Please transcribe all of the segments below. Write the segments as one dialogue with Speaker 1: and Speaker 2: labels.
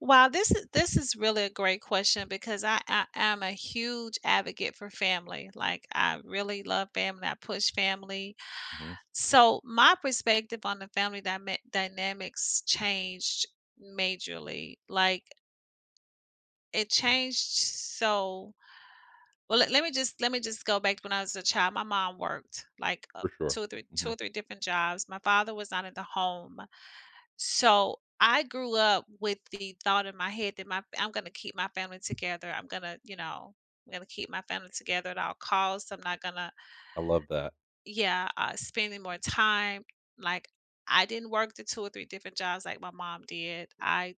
Speaker 1: Well, this is this is really a great question because I I I'm a huge advocate for family, like, I really love family, I push family.
Speaker 2: Mhm.
Speaker 1: So my perspective on the family dyma dynanamics changed majorly, like It changed so well, le let me just let me just go back to when I was a child, my mom worked, like, uh,
Speaker 2: For sure.
Speaker 1: 2 or three 2 or
Speaker 2: Mhm.
Speaker 1: 3 different jobs. My father was not at the home. So I grew up with the thought in my head that my fa I'm gonna keep my family together. I'm gonna, you know, I'm gonna keep my family together at all costs. I'm not gonna
Speaker 2: I love that.
Speaker 1: Yeah, uh, spending more time, like, I didn't work the 2 or 3 different jobs, like, my mom did. I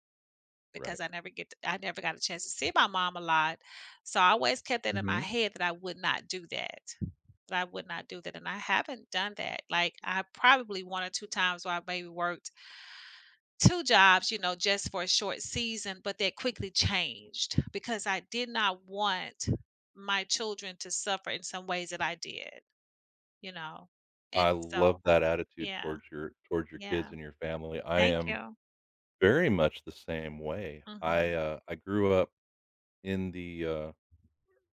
Speaker 2: Right.
Speaker 1: because I never get to I never got a chance to see my mom a lot, so I always kept it in my
Speaker 2: Mhm.
Speaker 1: head that I would not do that, that I would not do that, and I haven't done that, like I probably 1 or 2 times where I maybe worked. 2 jobs, you know, just for a short season, but they quickly changed because I did not want my children to suffer in some ways that I did, you know,
Speaker 2: I
Speaker 1: and so
Speaker 2: love that attitude
Speaker 1: yeah,
Speaker 2: towards your towards your
Speaker 1: yeah.
Speaker 2: kids and your family. I
Speaker 1: Thank
Speaker 2: am
Speaker 1: you.
Speaker 2: very much the same way. I,
Speaker 1: Mhm.
Speaker 2: uh, I grew up in the, uh,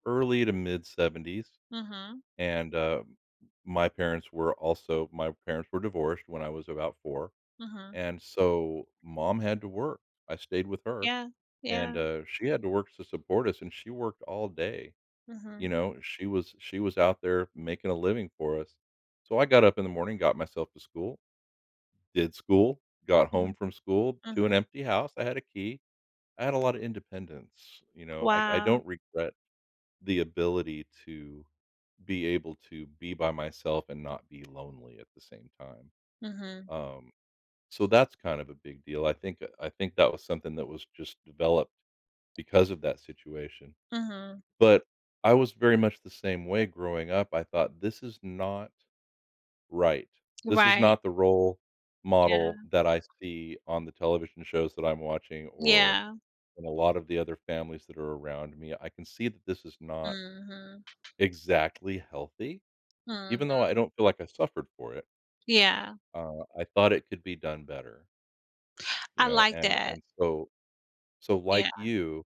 Speaker 2: early to mid-seventies,
Speaker 1: Mhm.
Speaker 2: and, uh, my parents were also my parents were divorced when I was about 4,
Speaker 1: Mhm.
Speaker 2: and so mom had to work. I stayed with her
Speaker 1: Yeah,
Speaker 2: and,
Speaker 1: yeah.
Speaker 2: uh, she had to work to support us and she worked all day, you
Speaker 1: Mhm.
Speaker 2: know, she was she was out there making a living for us. So I got up in the morning, got myself to school, did school, got home
Speaker 1: Mhm.
Speaker 2: from school to
Speaker 1: Mhm.
Speaker 2: an empty house. I had a key. I had a lot of independence, you know, I I
Speaker 1: Wow.
Speaker 2: don't regret the ability to be able to be by myself and not be lonely at the same time.
Speaker 1: Mhm.
Speaker 2: Um, so that's kind of a big deal. I think I think that was something that was just developed because of that situation.
Speaker 1: Mhm.
Speaker 2: But, I was very much the same way growing up. I thought this is not right, this is
Speaker 1: Right.
Speaker 2: not the role
Speaker 1: Yeah.
Speaker 2: model that I see on the television shows that I'm watching or
Speaker 1: Yeah.
Speaker 2: in a lot of the other families that are around me. I can see that this is not
Speaker 1: Mhm.
Speaker 2: exactly healthy,
Speaker 1: Mhm.
Speaker 2: even though I don't feel like I suffered for it.
Speaker 1: Yeah.
Speaker 2: Uh, I thought it could be done better. You
Speaker 1: I
Speaker 2: know,
Speaker 1: like
Speaker 2: and
Speaker 1: that.
Speaker 2: and so so like
Speaker 1: Yeah.
Speaker 2: you,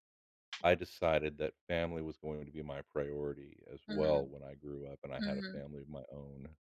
Speaker 2: I decided that family was going to be my priority as well
Speaker 1: Mhm.
Speaker 2: when I grew up and I had a
Speaker 1: Mhm.
Speaker 2: family of my own.